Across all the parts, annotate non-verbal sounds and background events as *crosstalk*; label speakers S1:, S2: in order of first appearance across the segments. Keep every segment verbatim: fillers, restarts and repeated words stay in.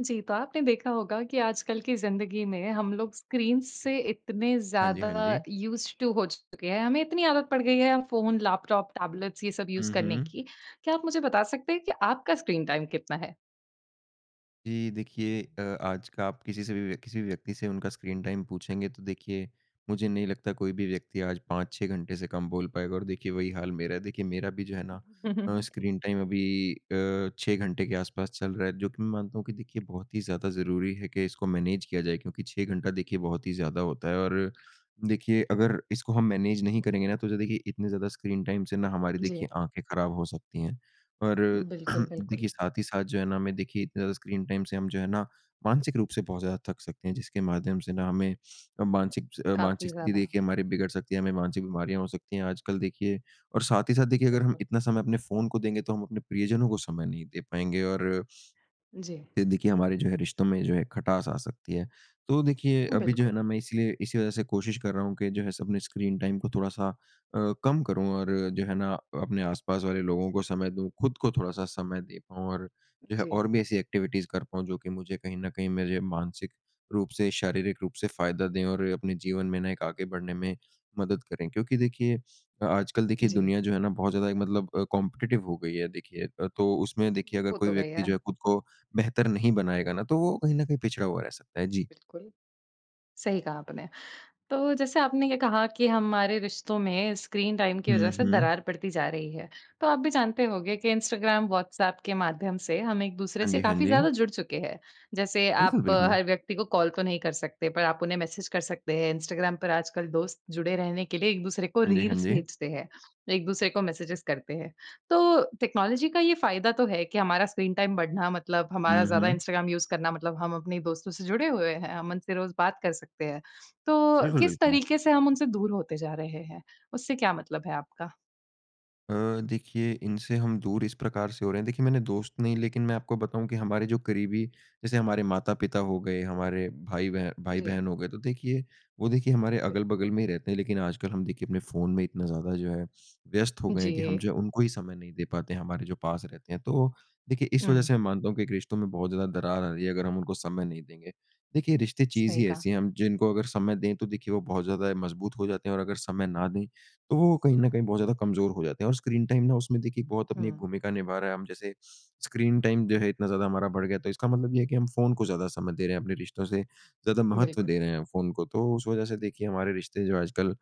S1: जी। तो आपने देखा होगा कि आजकल की ज़िंदगी में हम लोग स्क्रीन से इतने
S2: हाँ, जी।
S1: ज़्यादा
S2: हाँ, जी।
S1: यूस्ड टु हो चुके हैं हमें इतनी आदत पड़ गई है फ़ोन, लेपटॉप, टेबलेट्स ये सब यूस
S2: हुँ,
S1: करने
S2: हुँ।
S1: की। क्या आप मुझे बता सकते हैं कि आपका स्क्रीन टाइम कितना है?
S2: जी। देखिए अ, आज का आप किसी से भी व्यक्ति किसी व्यक्ति से उनका स्क्रीन टाइम पूछेंगे तो देखिए मुझे नहीं लगता कोई भी व्यक्ति आज पाँच छह घंटे से कम बोल पाएगा और देखिए वही हाल मेरा है। देखिए मेरा भी जो है ना, अ,
S1: *chuckles*
S2: स्क्रीन टाइम अभी अ, छह घंटे के आस-पास चल रहा है जो कि मैं मानता हूँ कि देखिए बहुत ही ज़्यादा ज़रूरी है कि इसको मैनेज किया जाए, क्योंकि छह घंटा देखिए बहुत ही ज़्यादा होता है। और देखिए अगर इसको हम मैनेज नहीं करेंगे ना तो जो देखिए इतनी ज़्यादा स्क्रीन टाइम से ना हमारी
S1: जी।
S2: देखिए आँखें ख़राब हो सकती हैं। और
S1: बिल्कुल,
S2: *clears throat*
S1: बिल्कुल।
S2: देखिए साथ ही साथ जो है ना, हमें देखिए अ, स्क्रीन टाइम से हम जो है ना, मानसिक रूप से बहुत ज़्यादा थक सकते हैं जिसके माध्यम से ना हमें मानसिक अ,
S1: काफ़ी
S2: मानसिक स्थिति
S1: ज़्यादा।
S2: देखिए हमारी बिगड़ सकती है, हमें मानसिक बीमारियाँ हो सकती हैं। आजकल देखिए और साथ ही साथ देखिए अगर हम
S1: बिल्कुल।
S2: इतना समय अपने फ़ोन को देंगे तो हम अपने प्रियजनों को समय नहीं दे पाएँगे और
S1: जी।
S2: ये देखिए हमारे जो है रिश्तो में जो है खटास आ सकती है। तो देखिए अभी जो है
S1: बिल्कुल।
S2: ना, मैं इसलिए इसी वज़ह से कोशिश कर रहा हूँ कि जो है सब अपने स्क्रीन टाइम को थोड़ा-सा अ, कम करूँ और जो है ना, अ, अपने आसपास वाले लोगों को समय दो खुद को थोड़ा-सा समय दे पाऊँ। और जो
S1: जी।
S2: और भी ऐसी एक्टिविटी कर पाऊँ जो की मुझे कहीं न कहीं मेरे मानसिक रूप से शारीरिक रूप से फ़ायदा दें और अपने जीवन में ना एक आगे बढ़ने में मदद करें क्योंकि देखिए आजकल देखिए
S1: जी।
S2: दुनिया जो है ना, बहुत ज़्यादा मतलब अ, कॉम्पिटेटिव हो गई है। देखिए तो उसमें देखिए अगर
S1: वो
S2: कोई
S1: तो
S2: व्यक्ति जो
S1: गया।
S2: है खुद को बेहतर नहीं बनाएँगा ना तो वो कहीं न कहीं पिछड़ा हुआ रह सकता है जी।
S1: बिल्कुल। सही कहा आपने। तो जैसे आपने ये कहा कि हमारे रिश्तों में स्क्रीन टाइम की वज़ह
S2: हुँ,
S1: से
S2: हुँ।
S1: दरार पड़ती जा रही है। तो आप भी जानते होंगे कि इंस्टाग्राम, वॉट्सऐप के माध्यम से हम एक-दूसरे
S2: हाँ,
S1: से
S2: जी। हाँ,
S1: काफ़ी
S2: जी।
S1: ज़्यादा जुड़ चुके हैं जैसे आप
S2: बिल्कुल, बिल्कुल।
S1: हर व्यक्ति को कॉल तो नहीं कर सकते पर आप उन्हें मैसेज कर सकते हैं। इंस्टाग्राम पर आजकल दोस्त जुड़े रहने के लिए एक-दूसरे को
S2: हाँ, जी। हाँ,
S1: रील्स
S2: जी।
S1: भेजते हैं। एक-दूसरे को मैसेजेस करते हैं। तो टेक्नोलॉजी का ये फ़ायदा तो है कि हमारा स्क्रीन टाइम बढ़ना मतलब हमारा
S2: हुँ,
S1: ज़्यादा
S2: हुँ।
S1: इंस्टाग्राम यूस इंस्टाग्राम करना मतलब हम अपने दोस्तों से जुड़े हुए हैं हम मन से रोज़ बात कर सकते हैं। तो
S2: बिल्कुल,
S1: किस
S2: बिल्कुल।
S1: तरीके से हम उनसे दूर होते जा रहे हैं? उससे क्या मतलब है आपका?
S2: अ, देखिए इनसे हम दूर इस प्रकार से हो रहे हैं। देखिए मैंने दोस्त नहीं लेकिन मैं आपको बताऊँ कि हमारे जो करीबी जैसे हमारे माता-पिता हो गए हमारे भाई-बह
S1: जी।
S2: भाई-बहन हो गए तो देखिए वो देखिए हमारे अगल-बगल
S1: बिल्कुल।
S2: में रहते हैं। लेकिन आजकल हम देखिए अपने फ़ोन में इतना ज़्यादा जो है व्यस्त हो गए हैं कि हम
S1: जी।
S2: जो उनको ही समय नहीं दे पाते हैं हमारे जो पास रहते हैं। तो देखिए इस वजह से
S1: हुँ।
S2: मैं मानता हूँ कि एक रिश्तों में बहुत ज़्यादा दरार आ रही है। अगर हम उनको समय नहीं देंगे। देखिए रिश्ते चीज़
S1: सही
S2: ही
S1: कहा।
S2: ऐसी हैं हम जिनको अगर समय दें तो देखिए वो बहुत ज़्यादा मज़बूत हो जाते हैं और अगर समय ना दें तो वो कहीं न कहीं बहुत ज़्यादा कमज़ोर हो जाते हैं और स्क्रीन टाइम ना उसमें देखिए एक बहुत अपनी एक
S1: हुँ।
S2: भूमिका निभा रहा है। हम जैसे *sniffs* स्क्रीन टाइम जो है इतना ज़्यादा हमारा बढ़ गया है तो इसका मतलब ये है कि हम फ़ोन को ज़्यादा समय दे रहे हैं अपने रिश्तों से ज़्यादा महत्व
S1: बिल्कुल।
S2: दे रहे हैं फ़ोन को। तो उस वजह से देखिए हमारे रिश्ते जो आजकल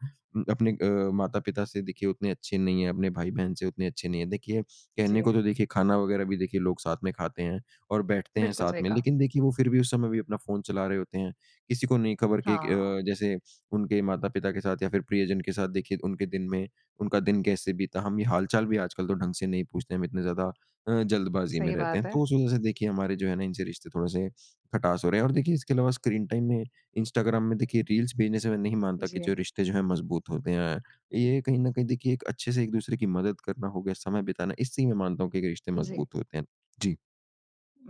S2: अपने अ, माता-पिता से देखिए उतने अच्छे नहीं हैं अपने भाई-बहन से उतने अच्छे नहीं हैं। देखिए कहने
S1: जी।
S2: को तो देखिए खाना वगैरह भी देखिए लोग साथ में खाते हैं और बैठते हैं
S1: बिल्कुल
S2: साथ
S1: सही
S2: में
S1: कहा।
S2: लेकिन देखिए वो फ़िर भी उस समय भी अपना फ़ोन चला रहे होते हैं। किसी को नहीं खबर कि एक
S1: हाँ।
S2: अ, जैसे उनके माता-पिता के साथ या फ़िर प्रियजन के साथ देखिए उनके दिन में उनका दिन कैसे बीता? हम ये हाल-चाल भी आजकल तो ढंग से नहीं पूछते हैं। हम इतने ज़्यादा अ, जल्दबाज़ी में
S1: सही
S2: रहते
S1: बात
S2: हैं
S1: है।
S2: तो उसे वजह से देखिए हमारे जो हैं ना इनसे रिश्ते थोड़े से खटास हो रहे हैं। और देखिए इसके अलावा स्क्रीन टाइम में इंस्टाग्राम में देखिए रील्स भेजने से मैं नहीं मानता कि जो
S1: जी।
S2: रिश्ते जो हैं मज़बूत होते हैं। ये कहीं ना कहीं देखिए एक अच्छे से एक-दसरे की मदद करना हो गए समय बिताना इसी में मानता हूँ कि एक रिश्ते
S1: जी।
S2: मज़बूत होते हैं। जी।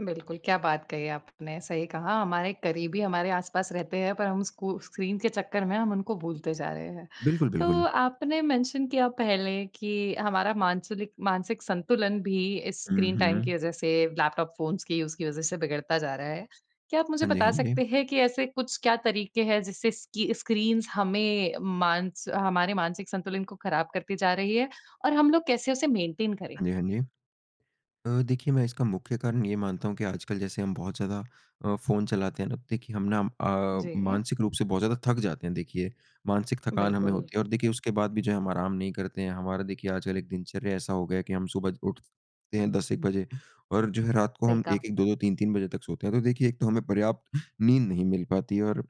S1: बिल्कुल, क्या बात कही आपने सही कहा हमारे करीबी हमारे आस-पास रहते हैं पर हम स्कू स्क्रीन के चक्कर में हम उनको भूलते जा रहे हैं।
S2: बिल्कुल, बिल्कुल।
S1: तो आपने मेंशन किया पहले कि हमारा मानसुलिक मानसिक संतुलन भी
S2: हुँ,
S1: स्क्रीन टाइम
S2: हुँ।
S1: की वज़ह से लैपटॉप, फ़ोन्स की यूज़ की वजह से बिगड़ता जा रहा है। क्या आप मुझे
S2: हाँ जी,
S1: बता
S2: हाँ जी।
S1: सकते हैं कि ऐसे कुछ क्या तरीके हैं, जिससे स्की स्क्रीन्स हमें मांस हमारे मानसिक संतुलन को खराब करती जा रही है, और हम लोग कैसे उसे मेंटेन करें?
S2: हाँ जी, हाँ जी। अ, देखिए मैं इसका मुख्य कारण ये मानता हूँ कि आजकल जैसे हम बहुत ज़्यादा अ, फ़ोन चलाते हैं अब देखिए हम ना अ,
S1: जी।
S2: मानसिक रूप से बहुत ज़्यादा थक जाते हैं। देखिए, मानसिक थकान हमें
S1: बिल्कुल।
S2: होती और देखिए उसके बाद भी जो हम आराम नहीं करते हैं। हमारा देखिए आजकल एक दिनचर्या ऐसा हो गया कि हम सुबह ज उठते हैं दस ए क बजे और जो है रात को
S1: सही
S2: हम
S1: कहा।
S2: एक-एक, दो-दो, तीन-तीन बजे तक सोते हैं। तो देखिए एक तो हमें पर्याप्त नींद नहीं मिल पाती और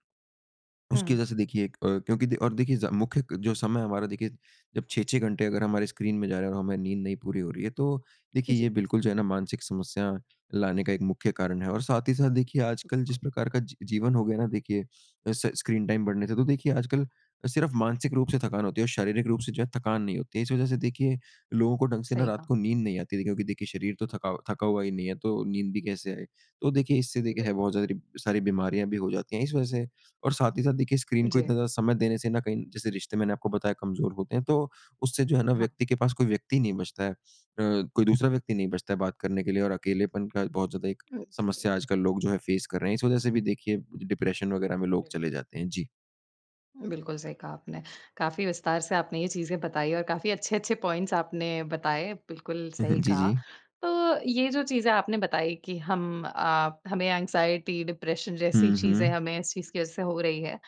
S2: उसकी
S1: हुँ।
S2: वज़ह से देखिए एक अ क्योंकि दे और देखिए ज मुख्य जो समय हमारा देखिए जब छह-छह घंटे अगर हमारे स्क्रीन में जा रहा है और हमारी नींद नहीं पूरी हो रही है। तो देखिए ये
S1: जी।
S2: बिल्कुल जो है ना मानसिक समस्या लाने का एक मुख्य कारण है और साथ ही साथ देखिए आजकल जिस
S1: बिल्कुल।
S2: प्रकार का जी-जीवन हो गया ना देखिए स स्क्रीन टाइम बढ़ने से। तो देखिए आजकल सिर्फ मानसिक रूप से थकान होती है और शारीरिक रूप से जो है थकान नहीं होती है। इस वज़ह से देखिए लोगों को ढंग से ना
S1: सही
S2: रात
S1: कहा।
S2: को नींद नहीं आती। देखिए क्योंकि देखिए शरीर तो थका थका हुआ ही नहीं है तो नींद भी कैसे आए? तो देखिए इससे देखिए है
S1: बिल्कुल।
S2: बहुत सारी, सारी बीमारियाँ भी हो जाती हैं इस वज़ह से और साथ ही साथ देखिए स्क्रीन को इतना
S1: जी।
S2: ज़्यादा समय देने से ना कहीं जैसे रिश्ते मैंने आपको बताया कमज़ोर होते हैं। तो उससे जो है ना
S1: हाँ।
S2: व्यक्ति के पास कोई व्यक्ति नहीं बचता है। अ, कोई दूसरा व्यक्ति नहीं बचता है बात करने के लिए और अकेलेपन का बहुत ज़्यादा एक
S1: अ, जी।
S2: समस्या आजकल लोग जो हैं फेस कर रहे हैं। इस वज़ह से भी देखिए डिप्रेशन वगैरह में लोग
S1: बिल्कुल।
S2: चले जाते हैं। जी।
S1: बिल्कुल सही कहा आपने। काफ़ी विस्तार से आपने ये चीज़ें बताई और काफ़ी अच्छे-अच्छे पॉइंट्स आपने बताए, बिल्कुल सही
S2: *chuckles* जी,
S1: कहा।
S2: जी।
S1: तो, ये जो चीज़ें आपने बताई कि हम आप हमें एंग्जायटी, डिप्रेशन जैसी
S2: हुँ,
S1: चीज़ें
S2: हुँ।
S1: हमें इस चीज़ की वजह से हो रही हैं।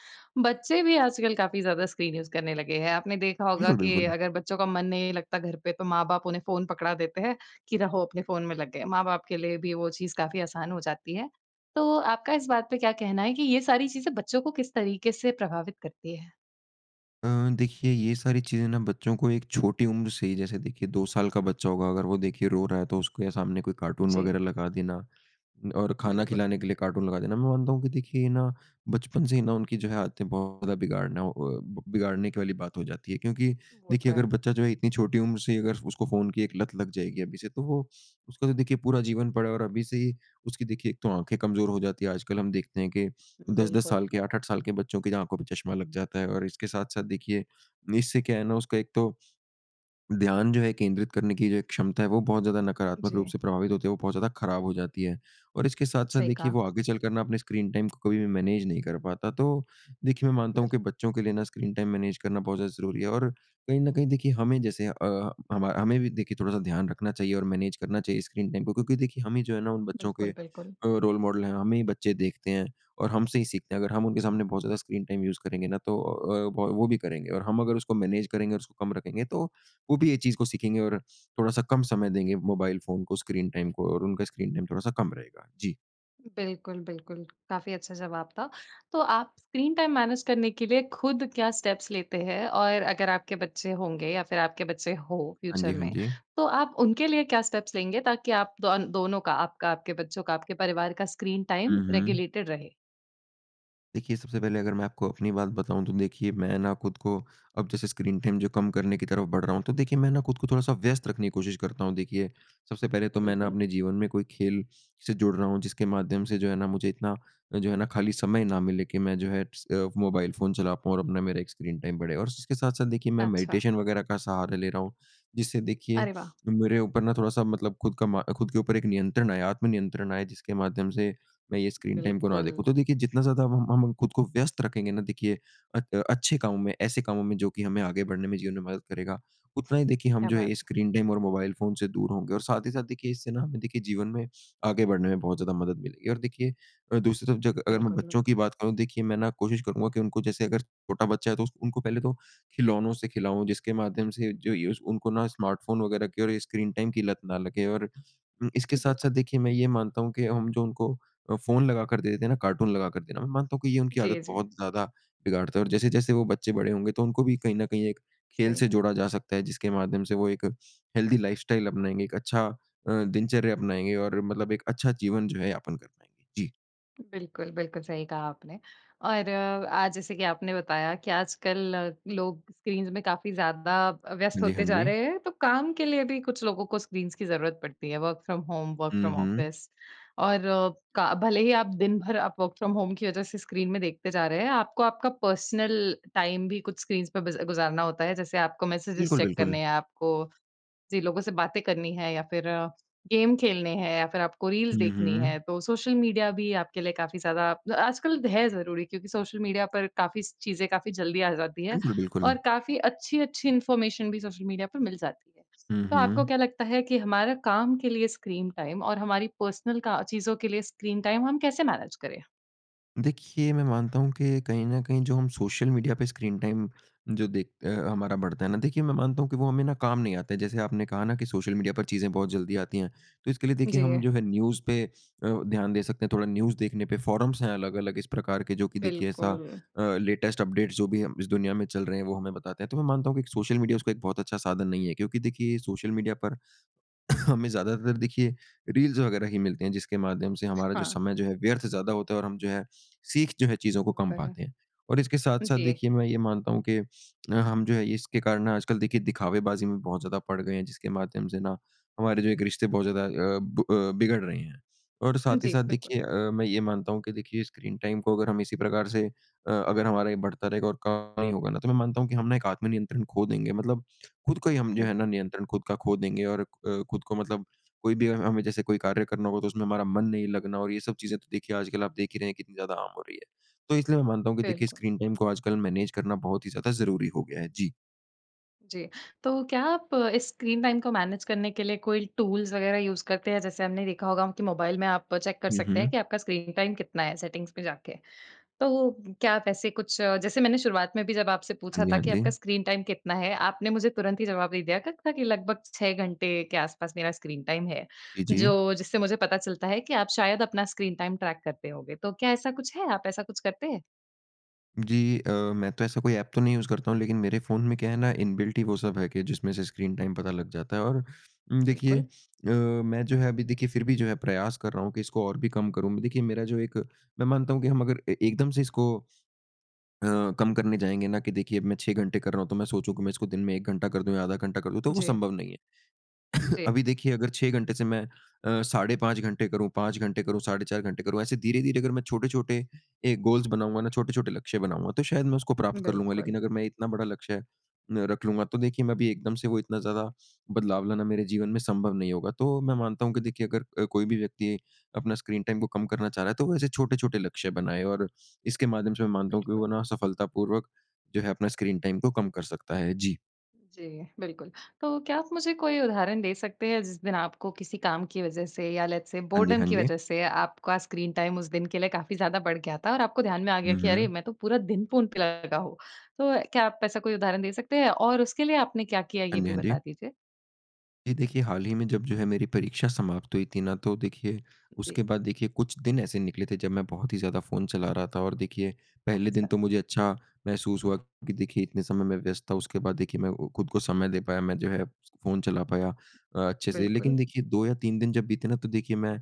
S1: बच्चे भी आजकल काफ़ी ज़्यादा स्क्रीन यूज़ करने लगे हैं। आपने देखा होगा
S2: बिल्कुल,
S1: कि
S2: बिल्कुल।
S1: अगर बच्चों का मन नहीं लगता घर पे तो माँ बाप उन्हें फ़ोन पकड़ा देते हैं, कि रहो अपने फ़ोन में लगे। माँ बाप के लिए भी वो चीज़ काफ़ी आसान हो जाती है। तो, आपका इस बात पे क्या कहना है कि ये सारी चीज़ें बच्चों को किस तरीके से प्रभावित करती है?
S2: अ, देखिए ये सारी चीज़ें ना बच्चों को एक छोटी उम्र से ही, जैसे देखिए, दो साल का बच्चा होगा अगर वो देखिए रो रहा है तो उसको ये सामने कोई कार्टून
S1: जी।
S2: वगैरह लगा देना। और खाना
S1: बिल्कुल।
S2: खिलाने के लिए कार्टून लगा देना मैं मानता हूँ कि देखिए ना बचपन से ही ना उनकी जो है आदतें बहुत ज़्यादा बिगाड़ना अ, बिगाड़ने के वाली बात हो जाती है। क्योंकि
S1: वो तो
S2: देखिए, अगर
S1: है।
S2: बच्चा जो इतनी छोटी उम्र से अगर उसको फ़ोन की एक लत लग जाएगी अभी से तो वो, उसका तो देखिए पूरा जीवन पड़ा है और अभी से ही, उसकी देखिए एक तो आँखें कमज़ोर हो जाती हैं। आजकल हम देखते हैं कि दस दस
S1: बिल्कुल।
S2: साल के आठ आठ साल के बच्चों की आँखों पे चश्मा लग जाता है। और इसके साथ-साथ देखिए, इससे क्या है ना उसका एक तो। ध्यान जो है केंद्रित करने की जो एक क्षमता है वो बहुत ज़्यादा नकारात्मक रूप
S1: जी।
S2: से प्रभावित होते हुए बहुत ज़्यादा खराब हो जाती है। और इसके साथ-साथ
S1: सही
S2: देखिए
S1: कहा।
S2: वो आगे चलकर ना अपने स्क्रीन टाइम को कभी भी मैनेज नहीं कर पाता। तो, देखिए मैं मानता हूँ कि
S1: बिल्क।
S2: बच्चों के लिए ना स्क्रीन टाइम मैनेज करना बहुत ज़्यादा ज़रूरी है। और कहीं न कहीं देखिए हमें जैसे अ, हमा हमें भी देखिए थोड़ा-सा ध्यान रखना चाहिए और मैनेज करना चाहिए स्क्रीन टाइम को। क्योंकि देखिए हम ही जो है ना उन बच्चों के
S1: बिल्कुल,
S2: अ,
S1: बिल्कुल।
S2: रोल मॉडल हैं हमें ही बच्चे देखते हैं, और हमसे ही सीखते हैं। अगर हम उनके
S1: जी।
S2: सामने बहुत ज़्यादा स्क्रीन टाइम यूज़ करेंगे ना तो अ, वो भी करेंगे और हम अगर उसको मैनेज करेंगे और उसको कम रखेंगे तो वो भी ये चीज़ को सीखेंगे और थोड़ा-सा कम समय देंगे मोबाइल फ़ोन को, स्क्रीन टाइम को और उनका स्क्रीन टाइम थोड़ा-सा कम रहेगा। जी।
S1: बिल्कुल, बिल्कुल। काफ़ी अच्छा जवाब था। तो आप स्क्रीन टाइम मैनेज करने के लिए खुद क्या स्टेप्स लेते हैं? और अगर आपके बच्चे होंगे या फिर आपके बच्चे हो
S2: हाँ
S1: फ्यूचर
S2: जी, हाँ
S1: में,
S2: जी।
S1: तो आप उनके लिए क्या स्टेप्स लेंगे ताकि आप दो दोनों का आपका, आपके बच्चों का, आपके परिवार का स्क्रीन टाइम
S2: हुँ, हुँ।
S1: रेगुलेटेड रहे?
S2: देखिए, सबसे पहले अगर मैं आपको अपनी बात बताऊँ तो देखिए मैं ना खुद को अब जैसे स्क्रीन टाइम जो कम करने की तरफ़ बढ़ रहा हूँ। तो देखिए मैंने कुछ थोड़ा-सा व्यस्त रखने कोशिश करता हूँ देखिए, सबसे पहले तो मैं ना
S1: बिल्कुल।
S2: अपने जीवन में कोई खेल से जुड़ रहा हूँ जिसके माध्यम से जो है ना मुझे इतना जो है ना खाली समय ना मिले कि मैं जो है स अ, मोबाइल फ़ोन चला पाऊँ और अपना मेरा एक स्क्रीन टाइम बढ़े। और उसके साथ-साथ देखिए मैं
S1: अच्छा।
S2: मेडिटेशन वगैरह का सहारा ले रहा हूँ, जिससे देखिए,
S1: अरे, वाह!
S2: मेरे ऊपर ना थोड़ा-सा मतलब खुद का म खुद के ऊपर एक नियंत्रण आए आत्म नियंत्रण आए जिसके माध्यम से मैं ये स्क्रीन टाइम को ना देखूँ।
S1: बिल्कुल।
S2: तो देखिए जितना ज़्यादा ब हम हम खुद को व्यस्त रखेंगे ना देखिए अ, अच्छे कामों में ऐसे कामों में जो कि हमें आगे बढ़ने में जीवन में मदद करेगा, उतना ही देखिए हम
S1: क्या
S2: जो
S1: बात
S2: है
S1: है।
S2: स्क्रीन टाइम और मोबाइल फ़ोन से दूर होंगे। और साथ ही साथ देखिए इससे ना हमें देखिए जीवन में आगे बढ़ने में बहुत ज़्यादा मदद मिलेगी। और देखिए अ, दूसरी तरफ़ जग अगर मैं
S1: बिल्कुल।
S2: बच्चों की बात कहूँ देखिए मैं ना कोशिश करूँगा कि उनको जैसे अगर छोटा बच्चा है तो उस उनको पहले तो खिलौनों से खिलाओ जिसके माध्यम से जो युस उनको ना स्मार्टफ़ोन वगैरह के और स्क्रीन टाइम की लत ना लगे। और इसके साथ-साथ
S1: बिल्कुल।
S2: देखिए मैं ये मानता हूँ कि हम जो उनको अ, फ़ोन लगाकर दे देते हैं ना कार्टून लगाकर देना। मैं मानता हूँ कि ये उनकी
S1: जी,
S2: आदत
S1: जी।
S2: बहुत ज़्यादा बिगाड़ता है और जैसे-जैसे वो बच्चे बड़े होंगे तो उनको भी कहीं न कहीं एक खेल
S1: सही।
S2: से जोड़ा जा सकता है जिसके माध्यम से वो एक हेल्दी लाइफस्टाइल अपनाएँगे। एक अच्छा अ, दिनचर्या अपनाएँगे और मतलब एक अच्छा जीवन जो है यापन कर पाएँगे। जी।
S1: बिल्कुल, बिल्कुल सही कहा आपने। और आज जैसे कि आपने बताया कि आजकल अ, लोग स्क्रीन्स में काफ़ी ज़्यादा अ, व्यस्त
S2: हाँ जी,
S1: होते
S2: हाँ
S1: जा
S2: जी।
S1: रहे हैं तो काम के लिए भी कुछ लोगों को स्क्रीन्स की ज़रूरत पड़ती है वर्क फ्रॉम होम वर्क
S2: हुँ,
S1: फ्रॉम
S2: हुँ।
S1: ऑफिस। और अ, का भले ही आप दिन भर आप वर्क फ्रॉम होम की वजह से स्क्रीन में देखते जा रहे हैं आपको आपका पर्सनल टाइम भी कुछ स्क्रीन्स पे बिज़ गुज़ारना होता है। जैसे आपको मेसेजेस
S2: बिल्कुल,
S1: चेक
S2: बिल्कुल।
S1: करने हैं, आपको जिन लोगों से बातें करनी हैं या फिर अ, गेम खेलने हैं या फिर आपको रील्स
S2: हुँ,
S1: देखनी
S2: हुँ।
S1: हैं। तो सोशल मीडिया भी आपके लिए काफ़ी ज़्यादा आजकल है ज़रूरी क्योंकि सोशल मीडिया पर काफ़ी स चीज़ें काफ़ी जल्दी आ जाती हैं
S2: बिल्कुल, बिल्कुल।
S1: और काफ़ी अच्छी-अच्छी इंफॉर्मेशन भी सोशल मीडिया पर मिल जाती है।
S2: हुँ,
S1: तो आपको
S2: हुँ।
S1: क्या लगता है कि हमारा काम के लिए स्क्रीन टाइम और हमारी पर्सनल का चीज़ों के लिए स्क्रीन टाइम हम कैसे मैनेज करें?
S2: देखिए, मैं मानता हूँ कि कहीं न कहीं जो हम सोशल मीडिया पे स्क्रीन टाइम जो देख अ, हमारा बढ़ता है ना? देखिए मैं मानता हूँ कि वो हमें ना कम नहीं आता। जैसे आपने कहा ना कि सोशल मीडिया पर चीज़ें बहुत जल्दी आती हैं, तो इसके लिए देखिए हम
S1: जी।
S2: जो है न्यूज़ पे अ, ध्यान दे सकते हैं। थोड़ा न्यूज़ देखने पे फ़ोरम्स हैं अलग-अलग इस प्रकार के जो कि देखिए ऐसा
S1: बिल्कुल।
S2: अ, लेटेस्ट अपडेट जो भी हम इस दुनिया में चल रहे हैं वो हमें बताते हैं। तो मैं मानता हूँ कि सोशल मीडिया उसका एक बहुत अच्छा साधन नहीं है। क्योंकि देखिए सोशल मीडिया पर *coughs* हमें ज़्यादातर देखिए रील्स वगैरह ही मिलते हैं, जिसके माध्यम से हमारा जो
S1: हाँ।
S2: समय जो है व्यर्थ से ज़्यादा होता है और हम जो है सिख जो है चीज़ों को
S1: होता
S2: कम
S1: है।
S2: पाते हैं। और इसके साथ-साथ
S1: जी।
S2: देखिए मैं ये मानता हूँ कि हम जो है इसके कारण आजकल देखिए दिखावे-बाज़ी में बहुत ज़्यादा पड़ गए हैं जिसके माध्यम से ना हमारे जो एक रिश्ते बहुत ज़्यादा अ, ब अ, बिगड़ रहे हैं। और साथ ही
S1: जी
S2: साथ
S1: बिल्कुल।
S2: देखिए अ, मैं ये मानता हूँ कि देखिए स्क्रीन टाइम को अगर हम इसी प्रकार से अ, अगर हमारे बढ़ता रहेगा और कम नहीं होगा ना तो मैं मानता हूँ कि हम ना एक आत्म-नियंत्रण खो देंगे मतलब खुद को ही हम जो
S1: हुँ।
S2: है ना नियंत्रण खुद का खो देंगे। और खुद को मतलब कोई भी हमें जैसे कोई कार्य करना होगा तो उसमें हमारा मन नहीं लगना और ये सब चीज़ें तो देखिए आजकल आप देख ही रहे हैं कितनी ज़्यादा आम हो रही है। तो इसलिए मैं मानता हूँ कि देखिए
S1: बिल्कुल।
S2: स्क्रीन टाइम को आजकल मैनेज करना बहुत ही ज़्यादा ज़रूरी हो गया है। जी।
S1: जी। तो क्या आप अ, स्क्रीन टाइम को मैनेज करने के लिए कोई टूल्स वगैरह यूज़ करते हैं? जैसे हमने देखा होगा कि मोबाइल में आप चेक कर
S2: हुँ,
S1: सकते हैं
S2: हुँ।
S1: कि आपका स्क्रीन टाइम कितना है सेटिंग्स में जाके। तो वो क्या आप ऐसे कुछ अ, जैसे मैंने शुरुआत में भी जब आपसे
S2: हाँ
S1: पूछा
S2: जी,
S1: था
S2: हाँ
S1: कि आपका
S2: जी।
S1: स्क्रीन टाइम कितना है? आपने मुझे तुरंत ही जवाब दे दिया था कि लगभग छह घंटे के आस-पास मेरा स्क्रीन टाइम है।
S2: जी, जी।
S1: जो जिससे मुझे पता चलता है कि आप शायद अपना स्क्रीन टाइम ट्रैक करते होंगे। तो क्या ऐसा कुछ है? आप ऐसा कुछ करते हैं?
S2: जी। अ, मैं तो ऐसा कोई ऐप तो नहीं यूज़ करता हूँ लेकिन मेरे फ़ोन में क्या है ना इनबिल्ट ही वो सब है कि जिसमें से स्क्रीन टाइम पता लग जाता है और उम, देखिए
S1: बिल्कुल।
S2: अ, मैं जो है अभी देखिए फ़िर भी जो है प्रयास कर रहा हूँ कि इसको और भी कम करूँ। देखिए मेरा जो एक मैं मानता हूँ कि हम अगर ए एकदम से इसको अ, कम करने जाएँगे ना कि देखिए अब मैं छह घंटे कर रहा हूँ तो मैं सोचूँ कि मैं इसको दिन में एक घंटा कर दूँ या आधा घंटा कर दूँ, तो वो
S1: जी।
S2: संभव नहीं है। *coughs*
S1: जी।
S2: अभी देखिए अगर छह घंटे से मैं अ, साढ़े पाँच घंटे करूँ, पाँच घंटे करूंँ, साढ़े चार घंटे करूँ। ऐसे धीरे-धीरे अगर मैं छोटे-छोटे एक गोल्स बनाऊँगा ना छोटे-छोटे लक्ष्य बनाऊँगा तो शायद मैं उसको प्राप्त कर लूँगा। लेकिन
S1: बिल्कुल।
S2: अगर मैं इतना बड़ा लक्ष्य अ, रख लूँगा तो देखिए मैं अभी एकदम से वो इतना ज़्यादा बदलाव लाना मेरे जीवन में संभव नहीं होगा। तो मैं मानता हूँ कि देखिए अगर अ, कोई भी व्यक्ति अपना स्क्रीन टाइम को कम करना चाह रहा है तो वो ऐसे छोटे-छोटे लक्ष्य बनाएँ और इसके माध्यम से मैं मानता हूँ कि वो
S1: बिल्कुल।
S2: ना सफलतापूर्वक जो है अपना स्क्रीन टाइम को कम कर सकता है। जी।
S1: जी बिल्कुल। तो क्या आप मुझे कोई उदाहरण दे सकते हैं जिस दिन आपको किसी काम की वजह से या लेट्स से
S2: हाँ जी,
S1: बोर्डम
S2: हाँ
S1: की
S2: जी।
S1: वजह से आपका स्क्रीन टाइम उस दिन के लिए काफ़ी ज़्यादा बढ़ गया था और आपको ध्यान में आ गया
S2: हुँ,
S1: कि अरे!
S2: हुँ।
S1: मैं तो पूरा दिन फ़ोन पे लगा हूँ। तो क्या आप ऐसा कोई उदाहरण दे सकते हैं और उसके लिए आपने क्या किया
S2: हाँ
S1: ये
S2: जी,
S1: भी
S2: हाँ जी।
S1: बता दीजिए?
S2: ये देखिए हाल ही में जब जो है मेरी परीक्षा समाप्त हुई थी ना तो देखिए, उसके
S1: जी।
S2: बाद देखिए कुछ दिन ऐसे निकले थे जब मैं बहुत ही ज़्यादा फ़ोन चला रहा था। और देखिए पहले दिन
S1: अच्छा।
S2: तो मुझे अच्छा महसूस हुआ कि देखिए इतने समय मैं व्यस्त था उसके बाद देखिए मैं वो खुद को समय दे पाया मैं जो है फ़ोन चला पाया अ, अच्छे से।
S1: बिल्कुल।
S2: लेकिन देखिए दो या तीन दिन जब बीते ना तो देखिए मैं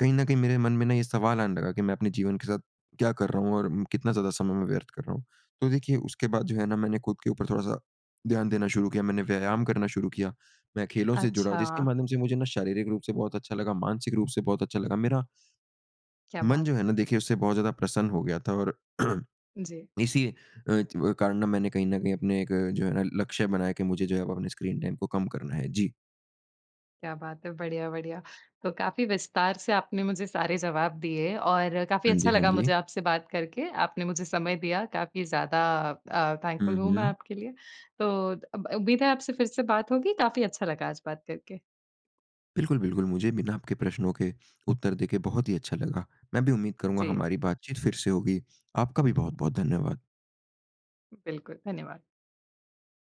S2: कहीं ना कहीं मेरे मन में ना ये सवाल आने लगा कि मैं अपने जीवन के साथ क्या कर रहा हूँ? और कितना ज़्यादा समय मैं व्यर्थ कर रहा हूँ? तो देखिए उसके बाद जो है ना मैंने खुद के ऊपर थोड़ा-सा ध्यान देना शुरू किया मैंने व्यायाम करना शुरू किया। मैं खेलों से जुड़ा, जिसके
S1: अच्छा।
S2: माध्यम से मुझे ना शारीरिक रूप से बहुत अच्छा लगा मानसिक रूप से बहुत अच्छा लगा मेरा
S1: क्या
S2: मन जो
S1: बात
S2: है
S1: है।
S2: ना देखिए उससे बहुत ज़्यादा प्रसन्न हो गया था और
S1: जी।
S2: *clears throat* इसी अ, च कारण ना मैंने कहीं ना कहीं अपने एक जो है ना लक्ष्य बनाया कि मुझे जो है वो अपने स्क्रीन टाइम को काम करना है, जी।
S1: क्या बात है, बढ़िया-बढ़िया। तो काफ़ी विस्तार से आपने मुझे सारे जवाब दिए और काफ़ी
S2: हाँ
S1: अच्छा
S2: जी, हाँ
S1: लगा मुझे
S2: जी।
S1: आपसे बात करके। आपने मुझे समय दिया काफ़ी ज़्यादा अ, थैंकफ़ुल
S2: हुँ,
S1: हूँ मैं
S2: हुँ।
S1: आपके लिए। तो अब उम्मीद है आपसे फिर से बात होगी काफ़ी अच्छा लगा आज बात करके।
S2: बिल्कुल-बिल्कुल मुझे भी ना आपके प्रश्नों के उत्तर देके बहुत ही अच्छा लगा। मैं भी उम्मीद करूँगा
S1: जी।
S2: हमारी बातचीत फिर से होगी। आपका भी बहुत-बहुत धन्यवाद।
S1: बिल्कुल, धन्यवाद।